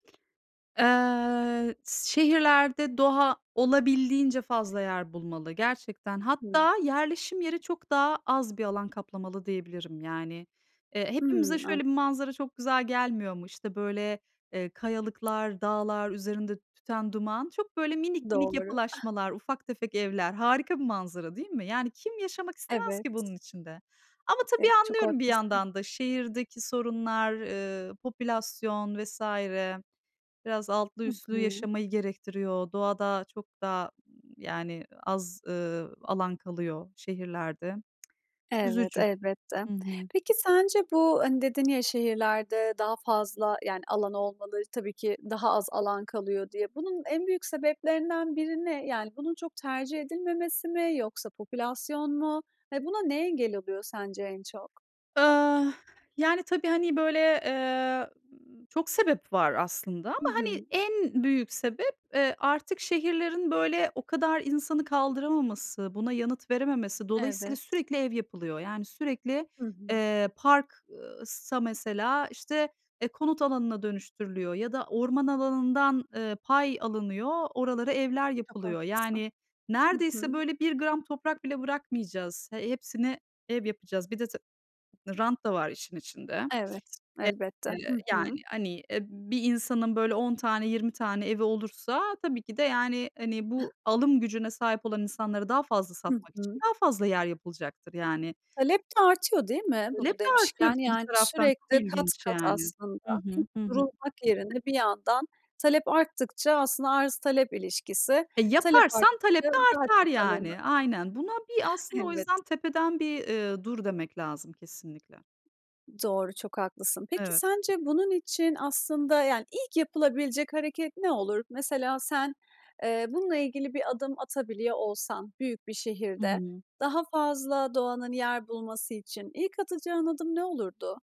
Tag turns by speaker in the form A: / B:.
A: Eee, s şehirlerde doğa olabildiğince fazla yer bulmalı gerçekten.
B: Hıı.
A: Hatta yerleşim yeri çok daha az bir alan kaplamalı diyebilirim. Yani, eee, hepimize
B: Hımm,
A: şöyle
B: an
A: bir manzara çok güzel gelmiyor mu? İşte, böyle, eee, kayalıklar, dağlar, üzerinde tüten duman. Çok, böyle, minik, minik
B: Doğru.
A: yapılaşmalar, ufak tefek evler. Harika bir manzara değil mi? Yani, kim yaşamak istemez ki
B: Evet.
A: bunun içinde? Ama tabii
B: Evet. Çok
A: anlıyorum bir
B: haklısın.
A: yandan da. Şehirdeki sorunlar, eee, popülasyon vs. biraz altlı
B: Hı
A: üstlü
B: hı.
A: yaşamayı gerektiriyor. Doğada çok da ı yani ı az, ııı, alan kalıyor şehirlerde.
B: Evet,
A: Üzücü.
B: elbette.
A: Hı hı.
B: Peki sence bu, hani, dedin ya "şehirlerde daha fazla yani alan olmalı tabii ki daha az alan kalıyor" diye. Bunun en büyük sebeplerinden biri ne? Yani, bunun çok tercih edilmemesi mi yoksa popülasyon mu? Ya buna ne engel oluyor sence en çok?
A: Ah, yani, tabii, hani, böyle, eee, ı çok sebep var aslında ama
B: Hı
A: hani
B: hı.
A: en büyük sebep, eee, artık şehirlerin, böyle, o kadar insanı kaldıramaması, buna yanıt verememesi. Dolayısıyla
B: Evet.
A: sürekli ev yapılıyor. Yani, sürekli,
B: Hı hı.
A: eee, park, ııı, sa mesela, işte, eee, konut alanına dönüştürülüyor ya da orman alanından, ııı, pay alınıyor, oralara evler
B: Çok
A: yapılıyor.
B: haklısın.
A: Yani,
B: Hı
A: neredeyse,
B: hı.
A: böyle, 1 gram toprak bile bırakmayacağız. He hepsini ev yapacağız. Bir de ta rant da var işin içinde.
B: Evet,
A: Ep
B: elbette.
A: eee,
B: Hı hı.
A: yani. Hani, eee, bir insanın, böyle, 10 tane, 20 tane evi olursa tabii ki de yani, hani, bu alım gücüne sahip olan insanları daha fazla
B: Hı
A: satmak için
B: hı.
A: daha fazla yer yapılacaktır, yani
B: Talep de artıyor değil mi
A: Talep
B: bunu
A: de artıyor
B: demişken?
A: bir de bir
B: Yani
A: taraftan. Çok
B: sürekli kat
A: ilginç,
B: kat
A: yani
B: aslında,
A: Hı
B: hep
A: hı. Hı hı.
B: durulmak yerine bir yandan talep arttıkça aslında arz talep ilişkisi,
A: E,
B: talep
A: yaparsan talep
B: arttıkça
A: de
B: daha
A: artar,
B: çok alanı
A: yani. Aynen. Buna bir, aslında, o
B: Elbet.
A: yüzden tepeden bir, eee, "dur" demek lazım kesinlikle.
B: Doğru, çok haklısın. Peki
A: Evet.
B: sence bunun için aslında yani ilk yapılabilecek hareket ne olur? Mesela sen, eee, bununla ilgili bir adım atabiliyor olsan büyük bir
A: Hı
B: şehirde,
A: hı.
B: daha fazla doğanın yer bulması için ilk atacağın adım ne olurdu?